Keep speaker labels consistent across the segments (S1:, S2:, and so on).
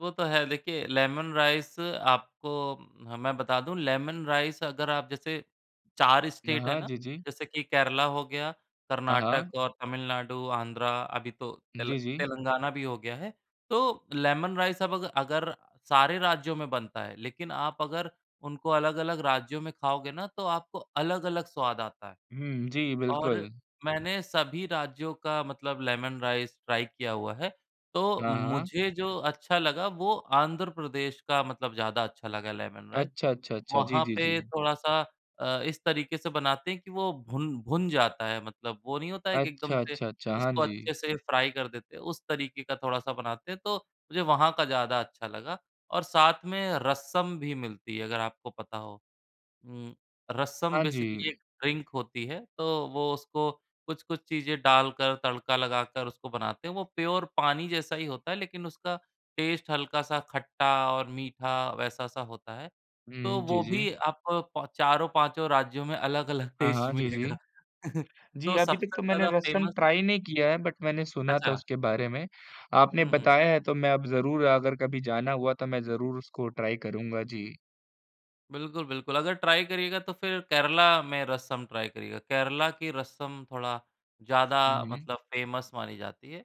S1: वो तो है, देखिए लेमन राइस आपको ह मैं बता दूँ, लेमन राइस अगर आप जैसे 4
S2: न
S1: स्टेट है
S2: हाँ,
S1: ना,
S2: जी, जी।
S1: जैसे कि केरला हो गया,
S2: हाँ,
S1: कर्नाटक
S2: हाँ।
S1: और तमिलनाडु, आंध्रा, अभी तो तेल
S2: जी, जी।
S1: तेलंगाना भी हो गया है। तो लेमन राइस अब अग अगर सारे राज्यों में बनता है, लेकिन आप अगर उनको अलग-अलग राज्यों में खाओगे ना, तो आपको अलग-अलग स्वाद आता है।
S2: हुँ, जी,
S1: और
S2: बिल्कुल।
S1: मैंने सभी राज्यों का मतलब लेमन राइस ट्राई किया हुआ है, तो
S2: हाँ, हाँ।
S1: मुझे जो अच्छा लगा, वो आंध्र प्रदेश का मतलब ज़्यादा अच्छा लगा लेमन राइस।
S2: अच्छा, अच्छा, अच्छा। जी,
S1: वहाँ
S2: जी,
S1: पे
S2: जी।
S1: थोड़ा-सा अ, इस तरीके से बनाते हैं कि वो भुन भुन जाता है, मतलब वो नहीं होता है कि एकदम
S2: अच्छा,
S1: से
S2: अच्छा, अच्छा, हाँ
S1: उसको
S2: जी।
S1: अच्छे से फ्राई कर देते हैं, उस तरीके का थोड़ा-सा बनाते हैं, तो मुझे वहाँ का ज़्यादा अच्छा लगा। और साथ में रसम भी मिलती है, अगर आपको पता हो। हुँ, रसम
S2: हाँ
S1: बेसिकली एक
S2: जी।
S1: ड्रिंक होती है, तो वो उसको कुछ-कुछ चीजें डालकर, तड़का लगाकर उसको बनाते हैं। वो प्योर पानी जैसा ही होता है, लेकिन उसका टेस्ट हल्का-सा खट्टा और मीठा, वैसा-सा होता है। तो
S2: हुँ, जी,
S1: वो
S2: जी।
S1: भी आप पा चारों, पाँचों राज्यों में अलग-अलग
S2: हाँ,
S1: टेस्ट
S2: हाँ, जी, जी।
S1: मिलेगा।
S2: जी,
S1: तो
S2: अभी तक
S1: सबसे
S2: तो मैंने
S1: ज़्यादा
S2: रसम
S1: फेमस
S2: ट्राई नहीं किया है, बट मैंने सुना था
S1: अच्छा।
S2: उसके बारे में। आपने
S1: हुँ, हुँ।
S2: बताया है तो मैं अब ज़रूर अगर कभी जाना हुआ, तो मैं ज़रूर उसको ट्राई करूँगा, जी।
S1: बिल्कुल, बिल्कुल। अगर ट्राई करिएगा तो फिर केरल में रसम ट्राई करिएगा। केरल की रसम थोड़ा ज़्यादा
S2: हुँ, हुँ।
S1: मतलब फेमस मानी जाती है।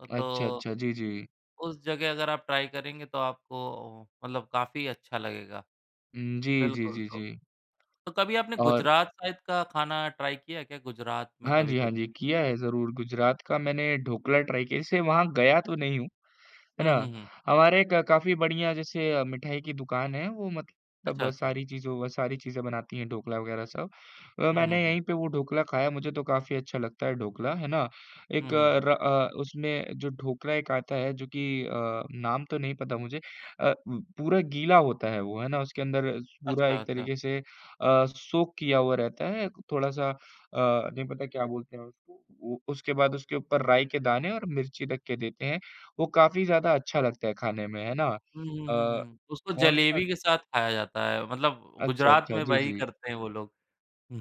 S1: अ,
S2: अच्छा,
S1: तो
S2: अच्छा, जी, जी।
S1: उस जगह अगर आप ट्राई करेंगे, तो आपको मतलब काफ़ी अच्छा लगेगा।
S2: उम, जी, जी,
S1: बिल्कुल
S2: जी,
S1: तो
S2: जी।
S1: तो कभी आपने
S2: और
S1: गुजरात साइड का खाना ट्राई किया क्या, गुजरात में
S2: हाँ
S1: कभी
S2: जी, हाँ
S1: कुछ?
S2: जी, किया है ज़रूर, गुजरात का मैंने ढोकला ट्राई किया है। जैसे वहाँ गया तो नहीं हूँ, है
S1: हुँ,
S2: ना।
S1: हुँ, हुँ।
S2: हमारे एक अ, काफ़ी बढ़िया जैसे अ, मिठाई की दुकान है, वो मतलब
S1: अच्छा, अच्छा।
S2: सारी चीजों वो अ, सारी चीज़े बनाती हैं, ढोकला वगैरह सब। अ,
S1: हुँ, हुँ,
S2: मैंने
S1: हुँ।
S2: यही पे वो ढोकला खाया, मुझे तो काफ़ी अच्छा लगता है ढोकला, है ना।
S1: हुँ,
S2: एक
S1: हुँ, हुँ।
S2: र अ, उसमे जो ढोकला एक आता है, जो की अ, नाम तो नहीं पता मुझे अ उ, पूरा गीला होता है वो, है ना। उसके अंदर अस पूरा
S1: अच्छा,
S2: एक
S1: अच्छा।
S2: तरीके से अ, सोक किया हुआ रहता है, थोड़ा-सा अ, नहीं पता क्या बोलते हैं उसको। वो उसके बाद उसके ऊपर राई के दाने और मिर्ची रख के देते हैं। वो काफ़ी ज़्यादा अच्छा लगता है खाने में, है ना।
S1: हुँ, हुँ, हुँ,
S2: अ,
S1: हुँ। उसको
S2: कौन सा
S1: जलेबी के साथ खाया जाता है, मतलब
S2: अच्छा,
S1: गुजरात
S2: अच्छा,
S1: में
S2: जी,
S1: वही
S2: जी।
S1: करते हैं वो लोग। हुँ।